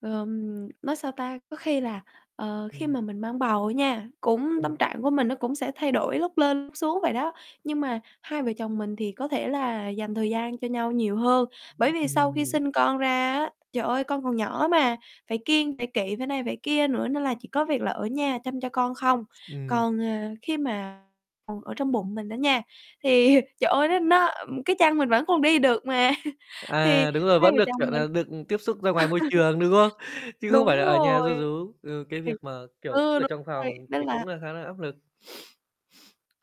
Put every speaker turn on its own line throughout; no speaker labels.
Ờm, nói sao ta, có khi là, ờ, khi
Ừm.
mà mình mang bầu á nha, cũng tâm
Ừm.
trạng của mình nó cũng sẽ thay đổi lúc lên, lúc xuống vậy đó. Nhưng mà hai vợ chồng mình thì có thể là dành thời gian cho nhau nhiều hơn, bởi vì
Ưm,
sau
ừm,
khi
ừm.
sinh con ra á, trời ơi, con còn nhỏ mà, phải kiêng, phải kỵ, phải này, phải kia nữa nên là chỉ có việc là ở nhà chăm cho con không.
Ừm.
Còn, à, khi mà còn ở trong bụng mình đó nha, thì trời ơi, nó nó cái chân mình vẫn còn đi được mà thì
À, đúng rồi,
hai
vẫn
vợ
được,
chồng
kiểu
mình
nà, được tiếp xúc ra ngoài môi trường, đúng không? Chứ không phải
Đúng
là ở nhà ru
rồi.
rú, ừ, cái việc
[unintelligible]
mà, kiểu,
Ừ,
cứ ở
đúng
trong
rồi,
phòng
nên
thì
là
cũng là khá là áp lực.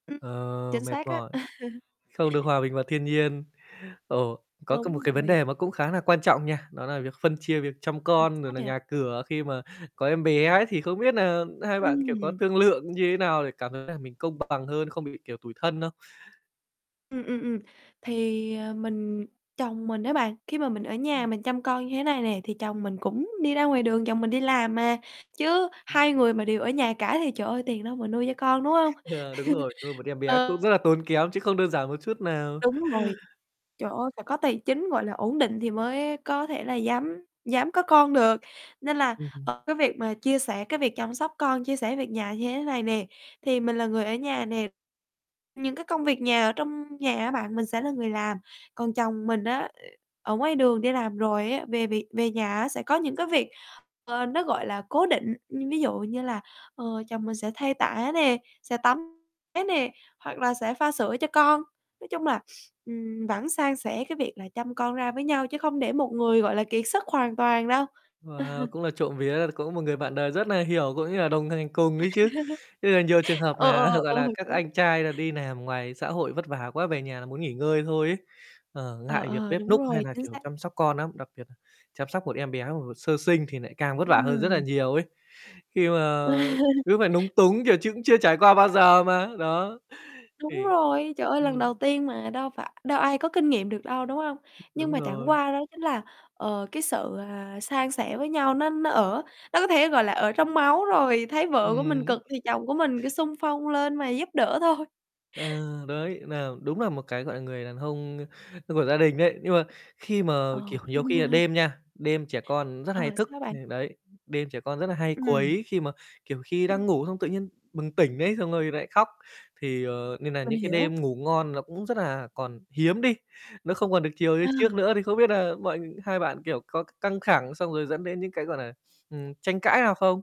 Ừm,
Ờ,
chính
mệt
xác á.
mỏi. Không được hòa bình và thiên nhiên. Ồ, có cái một
Đúng
cái vấn
rồi.
đề mà cũng khá nà quan trọng nha, đó là việc phân chia việc chăm
Ờ,
con, rồi
sao
là
vậy?
nhà cửa khi mà có em bé ấy thì không biết nà hai bạn, kiểu, có
Ừm.
thương lượng như thế nào để cảm thấy là mình công bằng hơn, không bị, kiểu, tủi thân không?
Ừm, ừm, ừm, thì, à, mình chồng mình á bạn, khi mà mình ở
Ừm.
nhà mình chăm con như thế này nè, thì chồng mình cũng đi ra ngoài đường, chồng mình đi làm mà. Chứ
Ừm.
hai người mà đều ở nhà cả thì, trời ơi, tiền đâu mà nuôi cho con, đúng hông?
Ờ, đúng rồi, nuôi một em bé cũng
Ờ.
rất là tốn kém chứ không đơn giản một chút nào.
Đúng rồi, trời ơi, phải có tài chính, gọi là, ổn định thì mới có thể là dám dám có con được. Nên là,
Ừ, ừ.
ờ, cái việc mà chia sẻ cái việc chăm sóc con, chia sẻ việc nhà như thế này nè, thì mình là người ở nhà nè, những cái công việc nhà ở trong nhà á bạn, mình sẽ là người làm. Còn chồng mình á, ở ngoài đường đi làm rồi á, về việc về nhà á sẽ có những cái việc, ờ, nó, gọi là, cố định, ưm, ví dụ như là, ờ, chồng mình sẽ thay tã nè, sẽ tắm bé nè, hoặc là sẽ pha sữa cho con. Nói chung là, ừm, vẫn san sẻ cái việc là chăm con ra với nhau chứ không để một người, gọi là, kiệt sức hoàn toàn đâu.
Wow, cũng là trộm vía, cũng một người bạn đời rất nà hiểu, cũng như là đồng thành cùng ấy chứ. Thế là nhiều trường hợp
Ờ,
nà, gọi
ờ, ờ.
là, các
Đúng
anh trai là đi làm ngoài xã hội vất vả quá, về nhà là muốn nghỉ ngơi thôi ấy. Ờ,
Ờ,
ngại việc
ờ,
bếp
đúng
núc hay
rồi,
nà,
chính
kiểu,
xác.
chăm sóc con nắm, đặc biệt nà chăm sóc một em bé [unintelligible] sơ sinh thì nại càng vất vả hơn rất là
Ừm.
nhiều ấy. Khi mà cứ phải núng túng, kiểu, chững chưa trải qua bao giờ mà, đó,
Đúng
thì
rồi, trời ơi, lần đầu
ừm.
tiên mà, đâu phải đâu ai có kinh nghiệm được đâu, đúng hông? Nhưng
Đúng
mà chẳng
rồi.
qua đó chính là, ờ, cái sự, à, san sẻ với nhau nó nó ở nó có thể, gọi là, ở trong máu rồi. Thấy vợ của mình
Ừm.
cực thì chồng của mình cứ xung phong lên mà giúp đỡ thôi.
Ờ, đấy, nà đúng là một cái, gọi là, người đàn hông, ơ, của gia đình đấy. Nhưng mà, khi mà,
Ờ
kiểu, nhiều khi là đêm nha, đêm trẻ con rất
Ờ,
hay thức,
sao
thì
bạn?
đấy, đêm trẻ con rất là hay
Ừm.
quấy, khi mà, kiểu, khi
Ừm.
đang ngủ xong tự nhiên bừng tỉnh đấy xong rồi nlại khóc thì, ờ, nên nà
Mình
những cái
hiểu.
đêm ngủ ngon nó cũng rất là còn hiếm đi, nó không còn được chiều như
Ừ.
trước nữa thì không biết nà mọi hai bạn, kiểu, có c căng thẳng xong rồi dẫn đến những cái, gọi là, ừm, tranh cãi nào không?